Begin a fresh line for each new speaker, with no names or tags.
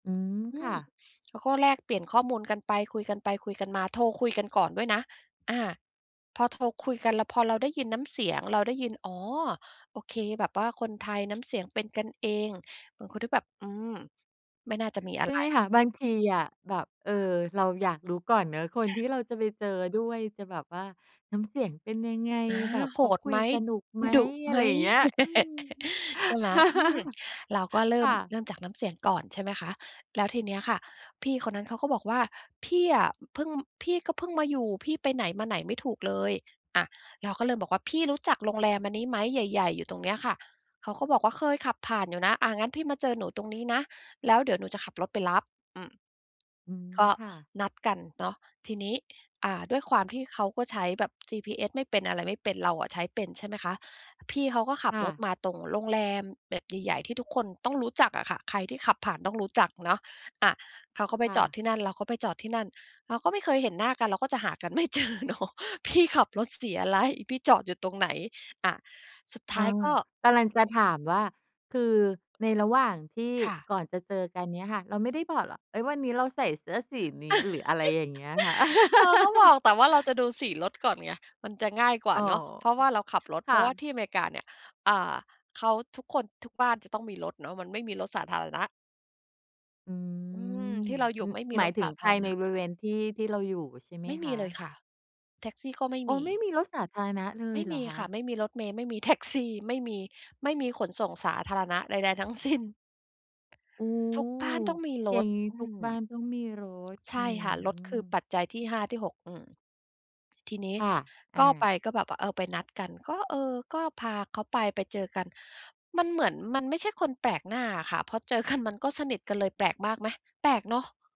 อืม
อื
ค่
ม
ะ
แล้วก็แลกเปลี่ยนข้อมูลกันไป คุยกันไปคุยกันมา โทรคุยกันก่อนด้วยนะ อา พอโทรคุยกัน แล้วพอเราได้ยินน้ำเสียง เราได้ยิน อ๋อ โอเค แบบว่าคนไทย น้ำเสียงเป็นกันเอง บางคนที่แบบ อืม ไม่น่าจะมีอ
ใช
ะ
่
ไร
ไหมคะ บางทีอะแบบ เออ เราอยากรู้ก่อนเนาะ คน
อ
ที
า
่เราจะไปเจอด้วยจะแบบว่า น้ำเสียงเป็นยังไง
อา
แบบ
โห
เขา
ด
คุ
ไห
ย
ม
สนุกไหม
ดุ
อ
ไห
ะ
ม
ไรอย่างเงี้ย อืม
ใช่ไหม อืม เราก็เริ
ค
่ม
่
เ
ะ
ริ่มจากน้ำเสียงก่อน ใช่ไหมคะ แล้วทีเนี้ยค่ะพี่คนนั้นเขาก็บอกว่า "พี่อะ เพิ่ง พี่ก็เพิ่งมาอยู่ พี่ไปไหนมาไหนไม่ถูกเลย" อา เราก็เริ่มบอกว่า "พี่รู้จักโรงแรมอันนี้ไหม? ใหญ่ ๆ อยู่ตรงเนี้ยค่ะ" เขาก็บอกว่า "เคยขับผ่านอยู่นะ" อา งั้นพี่มาเจอหนูตรงนี้นะ แล้วเดี๋ยวหนูจะขับรถไปรับ อืม
อืม
ก็
ค่ะ
นัด กันเนาะ ทีนี้ อ่า ด้วยความที่เขาก็ใช้แบบ GPS ไม่เป็น อะไรไม่เป็น เราอะใช้เป็นใช่ไหมคะ พี่เขาก็ขั
ค
บ
่
รถ
ะ
มาตรงโรงแรมแบบใหญ่ ๆ ที่ทุกคนต้องรู้จักอะค่ะ ใครที่ขับผ่านต้องรู้จักเนาะ อา เขาก็ไป
ค่
จอด
ะ
ที่นั่น เราก็ไปจอดที่นั่น เราก็ไม่เคยเห็นหน้ากัน เราก็จะหากัน ไม่เจอเนาะ พี่ขับรถสีอะไร พี่จอดอยู่ตรงไหน อา สุดท
เอ
้าย
อ
ก็
กำลังจะถามว่า คือในระหว่างที่
ค่ะ
ก่อนจะเจอกันเนี่ยค่ะ เราไม่ได้บอกเหรอ เอ๊ย วันนี้เราใส่เสื้อสีนี้ หรืออะไรอย่างเงี้ยค่ะ
เราก็บอก แต่ว่าเราจะดูสีรถก่อนไง มันจะง่ายกว่า
อ๋อ อ
เนาะ เพราะว่าเราขับรถ
ค
เพ
่
ร
ะ
าะว่าที่อเมริกาเนี่ย อ่า เขา ทุกคน ทุกบ้านจะต้องมีรถเนาะ มันไม่มีรถสาธารณะ
อื
อืม
ม
ที่เราอยู
อ
่ไม่มี
หมา
ร
ย
ส
ถึ
ส
ง
าธ
ภ
า
า
ร
ยใ
ณ
น
ะ
บริเวณที่ ที่เราอยู่ใช่ไหม
ไม่
ค
มี
ะ?
เลยค่ะ แท็กซี่ก็ไม่
โอ้
มี
ไม่มีรถสาธารณะเล
ไม
ย
่
เหร
ม
อ
ี
ค
ค่ะ
ะ?
ไม่มีรถเมล์ ไม่มีแท็กซี ไม่มี ไม่มีขนส่งสาธารณะใด ๆ ทั้งสิ้น
โอ้
ทุกบ้านต้องมีร
อย่า
ถ
งงี้
อื
ทุก
อ
บ้านต้องมีรถ
ใช
อื
่ค่ะ รถคือ
อ
ปัจจัยที่ 5 ที่ 6 อือ ทีนี้
ค่ะ อ
ก
า
็ไปก็แบบว่า เออ ไปนัดกัน ก็ เออ ก็พาเขาไปไปเจอกัน มันเหมือนมันไม่ใช่คนแปลกหน้าอะค่ะ พอเจอกันมันก็สนิทกันเลย แปลกมากไหม แปลกเนาะ